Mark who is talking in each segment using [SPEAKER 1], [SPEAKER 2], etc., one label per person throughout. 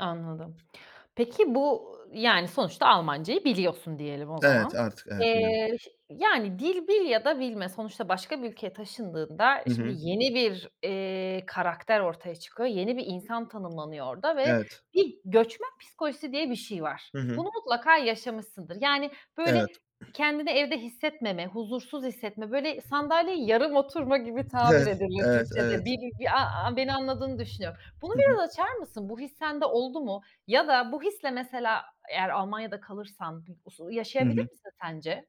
[SPEAKER 1] Anladım. Peki, bu, yani, sonuçta Almancayı biliyorsun diyelim o
[SPEAKER 2] Evet,
[SPEAKER 1] zaman.
[SPEAKER 2] artık, evet biliyorum.
[SPEAKER 1] Eee, yani, dil bil ya da bilme sonuçta başka bir ülkeye taşındığında
[SPEAKER 2] Hı
[SPEAKER 1] şimdi
[SPEAKER 2] hı.
[SPEAKER 1] yeni bir, eee, karakter ortaya çıkıyor. Yeni bir insan tanımlanıyor orada ve
[SPEAKER 2] Evet.
[SPEAKER 1] bir göçmen psikolojisi diye bir şey var.
[SPEAKER 2] Hı hı.
[SPEAKER 1] Bunu mutlaka yaşamışsındır, yani,
[SPEAKER 2] Evet.
[SPEAKER 1] böyle kendini evde hissetmeme huzursuz hissetme böyle sandalyeyi yarım oturma gibi tabir
[SPEAKER 2] Evet.
[SPEAKER 1] edilir
[SPEAKER 2] Evet,
[SPEAKER 1] Türkçede.
[SPEAKER 2] evet.
[SPEAKER 1] Bir a a beni anladığını düşünüyorum. Bunu
[SPEAKER 2] Hı hı.
[SPEAKER 1] biraz açar mısın bu his sende oldu mu? Ya da bu hisle mesela eğer Almanya'da kalırsan usu
[SPEAKER 2] Hı
[SPEAKER 1] yaşayabilir
[SPEAKER 2] hı.
[SPEAKER 1] misin sence?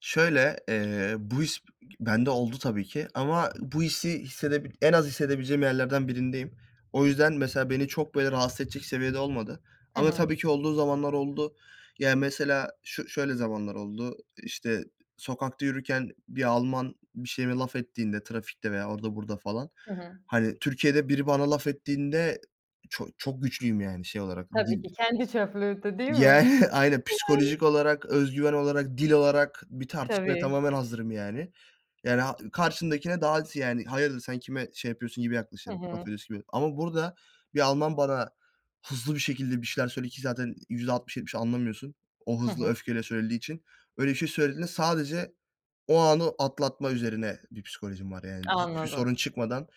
[SPEAKER 2] Şöyle, eee, bu his bende oldu tabi ki, ama bu hissi hissedip en az hissedebileceğim yerlerden birindeyim. O yüzden, mesela beni çok böyle rahatsız edecek seviyede olmadı,
[SPEAKER 1] Hı
[SPEAKER 2] ama
[SPEAKER 1] hı.
[SPEAKER 2] tabii ki olduğu zamanlar oldu. Ya, mesela şö şöyle zamanlar oldu, işte, sokakta yürürken bir Alman bir şeyime laf ettiğinde trafikte veya orada burada falan,
[SPEAKER 1] Hı hı.
[SPEAKER 2] hani, Türkiye'de biri bana laf ettiğinde çok çok güçlüyüm, yani, şey olarak
[SPEAKER 1] Tabii
[SPEAKER 2] dil.
[SPEAKER 1] ki kendi çöplüğüydü değil mi?
[SPEAKER 2] Yani, aynen
[SPEAKER 1] Yani.
[SPEAKER 2] psikolojik olarak, özgüven olarak, dil olarak bir tartışmaya
[SPEAKER 1] Tabii.
[SPEAKER 2] tamamen hazırım, yani. Ya ra karşındakine daha aksi, yani, hayırdır sen kime şey yapıyorsun gibi
[SPEAKER 1] Hı
[SPEAKER 2] yaklaşırım, laf
[SPEAKER 1] hı.
[SPEAKER 2] ediyorsun gibi. Ama burada bir Alman bana hızlı bir şekilde bir şeyler söyledi ki zaten %60-70 anlamıyorsun. O
[SPEAKER 1] Hı
[SPEAKER 2] hızlı
[SPEAKER 1] hı.
[SPEAKER 2] öfkeyle söylediği için. Öyle bir şey söylediğinde sadece o anı atlatma üzerine bir psikolojim var. Yani, hiçbir
[SPEAKER 1] Anladım.
[SPEAKER 2] sorun çıkmadan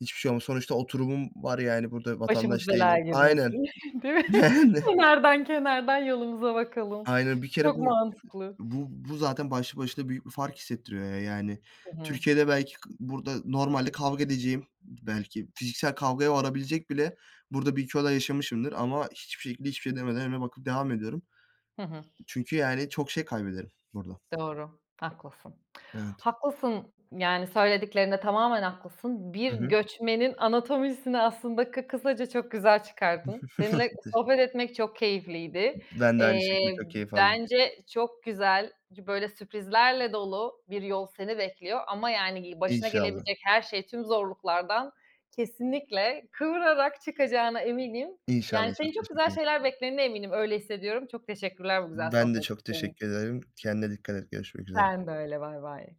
[SPEAKER 2] hiçbir şey olmaz. Sonuçta oturumum var. Yani, burada
[SPEAKER 1] Başımız
[SPEAKER 2] vatandaş
[SPEAKER 1] belaya
[SPEAKER 2] değilim. Aynen.
[SPEAKER 1] girmesin, değil mi?
[SPEAKER 2] Yani.
[SPEAKER 1] Kenardan kenardan yolumuza bakalım.
[SPEAKER 2] Aynen, bir kere
[SPEAKER 1] Çok
[SPEAKER 2] bu,
[SPEAKER 1] mantıklı.
[SPEAKER 2] bu, bu zaten başlı başına büyük bir fark hissettiriyor. Yani,
[SPEAKER 1] Hı hı.
[SPEAKER 2] Türkiye'de belki kı burada normalde kavga edeceğim. Belki fiziksel kavgaya varabilecek bile burada 1-2 olay yaşamışımdır ama hiçbir şekilde, hiçbir şey demeden önüme bakıp devam ediyorum.
[SPEAKER 1] Hı hı.
[SPEAKER 2] Çünkü, yani, çok şey kaybederim burada.
[SPEAKER 1] Doğru, haklısın.
[SPEAKER 2] Evet.
[SPEAKER 1] Haklısın, yani, söylediklerinde tamamen haklısın. Bir
[SPEAKER 2] Hı hı.
[SPEAKER 1] göçmenin anatomisini aslında kı kısaca çok güzel çıkardın. Seninle sohbet etmek çok keyifliydi.
[SPEAKER 2] Ben de aynı şekilde
[SPEAKER 1] Eee,
[SPEAKER 2] çok keyif aldım.
[SPEAKER 1] bence çok güzel, böyle sürprizlerle dolu bir yol seni bekliyor ama, yani, gi başına
[SPEAKER 2] İnşallah.
[SPEAKER 1] gelebilecek her şey tüm zorluklardan kesinlikle kıvırarak çıkacağına eminim. Yani,
[SPEAKER 2] İnşallah
[SPEAKER 1] seni
[SPEAKER 2] çok
[SPEAKER 1] çok
[SPEAKER 2] teşekkür
[SPEAKER 1] güzel
[SPEAKER 2] ederim.
[SPEAKER 1] şeyler beklediğine eminim, öyle hissediyorum. Çok teşekkürler bu güzel
[SPEAKER 2] Ben de
[SPEAKER 1] sohbet
[SPEAKER 2] çok
[SPEAKER 1] için.
[SPEAKER 2] teşekkür ederim. Kendine dikkat et görüşmek üzere.
[SPEAKER 1] Sen de öyle, baybay.